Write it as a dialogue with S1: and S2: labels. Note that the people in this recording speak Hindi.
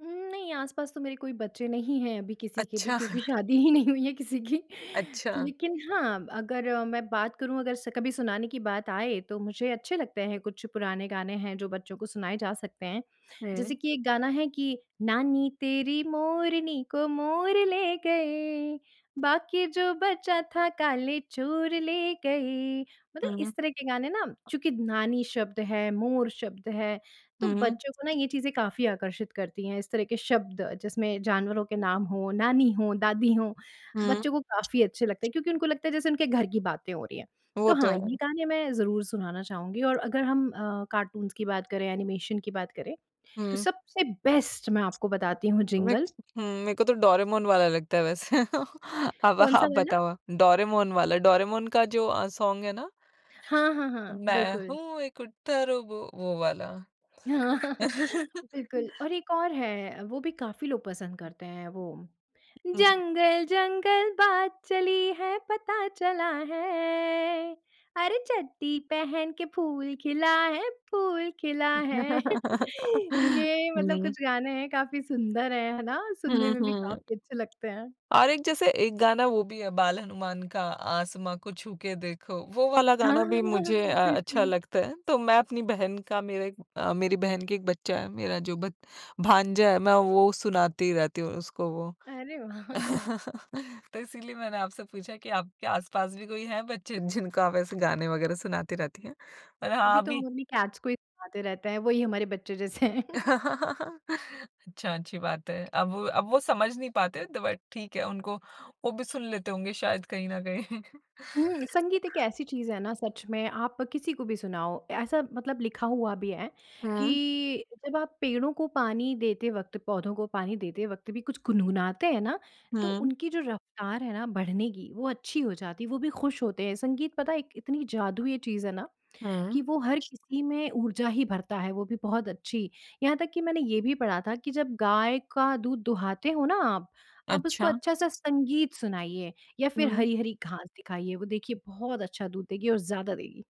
S1: उम, नहीं आस-पास तो मेरे कोई बच्चे नहीं हैं अभी किसी के भी
S2: अच्छा।
S1: क्योंकि शादी ही नहीं हुई है किसी की।
S2: अच्छा।
S1: लेकिन हाँ, अगर मैं बात करूँ अगर स कभी सुनाने की बात आए, तो मुझे अच्छे लगते हैं कुछ पुराने गाने हैं, जो बच्चों को सुनाए जा सकते हैं। जैसे
S2: हुँ।
S1: कि एक गाना है कि नानी तेरी मोरनी को मोर ले गए। बाकी जो बचा था काले चोर ले गए। मतलब
S2: हुँ।
S1: इस तरह के गाने ना, चूँकि नानी शब्द है, मोर शब्द है, तो
S2: हुँ।
S1: बच्चों को ना ये चीज़ें काफ़ी आकर्षित करती हैं, इस तरह के शब्द जिसमें जानवरों के नाम हो, नानी हो, दादी हो,
S2: हुँ।
S1: बच्चों को काफ़ी अच्छे लगते हैं। क्योंकि उनको लगता है जैसे उनके घर की बातें हो रही हैं,
S2: वो
S1: तो
S2: तो
S1: हाँ ये
S2: है।
S1: गाने मैं ज़रूर सुनाना चाहूँगी और अगर हम अ, कार्टून्स की बात करें, एनिमेशन की बात करें, तो
S2: हुँ।
S1: सबसे बेस्ट मैं आपको बताती हूँ,
S2: विक
S1: जिंगल।
S2: हुँ, मेरे को तो डोरेमोन वाला लगता है वैसे। अब
S1: कौन-सा
S2: आप
S1: वाला?
S2: बताओ, डोरेमोन वाला डोरेमोन का जो अ, सॉन्ग है ना।
S1: हाँ, हाँ, हाँ,
S2: मैं
S1: बिल्कुल।
S2: हूँ एक उत्तर वो, वाला।
S1: हाँ, बिल्कुल। और एक और है वो भी काफ़ी लोग पसंद करते हैं वो
S2: हुँ।
S1: जंगल-जंगल बात चली है पता चला है, अरे चड्डी पहन के फूल खिला है, फूल खिला है। ये मतलब
S2: हुँ।
S1: कुछ गाने हैं काफ़ी सुंदर हैं, है ना? सुनने
S2: हुँ,
S1: में भी
S2: हुँ।
S1: काफ़ी अच्छे लगते हैं।
S2: और एक जैसे एक गाना वो भी है, बाल हनुमान का आसमा को छूके देखो, वो वाला
S1: हाँ,
S2: गाना भी
S1: हाँ, हाँ,
S2: मुझे अ, अच्छा
S1: बिल्कुल।
S2: लगता है। तो मैं अपनी बहन का मेरा एक अ, मेरी बहन के एक बच्चा है, मेरा जो बच भांजा है मैं वो सुनाती रहती हूँ उसको वो।
S1: अरे! वाह!
S2: तो इसीलिए मैंने आपसे पूछा कि आपके आस-पास भी कोई हैं बच्चे जिनको आप ऐसे गाने वग़ैरह सुनाती रहती हैं। अ, हाँ
S1: अभी तो
S2: अभी
S1: हम अपनी कैट्स को ही दिखाते रहते हैं, वही हमारे बच्चे जैसे हैं।
S2: अच्छा, अच्छी बात है। अब वो अब वो समझ नहीं पाते तो बट ठीक है, उनको वो भी सुन लेते होंगे शायद कहीं न कहीं।
S1: हुँ, संगीत एक ऐसी चीज़ है ना सच में आप किसी को भी सुनाओ, ऐसा मतलब लिखा हुआ भी है,
S2: हुँ।
S1: कि, जब आप पेड़ों को पानी देते वक़्त, पौधों को पानी देते वक़्त भी कुछ गुनगुनाते हैं ना, तो
S2: हुँ।
S1: उनकी जो रफ्तार है ना बढ़ने की वो अच्छी हो जाती है, वो भी खुश होते हैं। संगीत पता है एक इतनी जादुई ये चीज़ है ना,
S2: हुँ।
S1: कि वो हर किसी में ऊर्जा ही भरता है वो भी बहुत अच्छी। यहाँ तक कि मैंने ये भी पढ़ा था कि जब गाय का दूध दुहाते हो ना आप, आप उसको
S2: अच्छा।
S1: अच्छा-सा संगीत सुनाइए या फिर
S2: हुँ।
S1: हरी-हरी घास दिखाइए वो देखिए बहुत अच्छा दूध देगी और ज़्यादा देगी।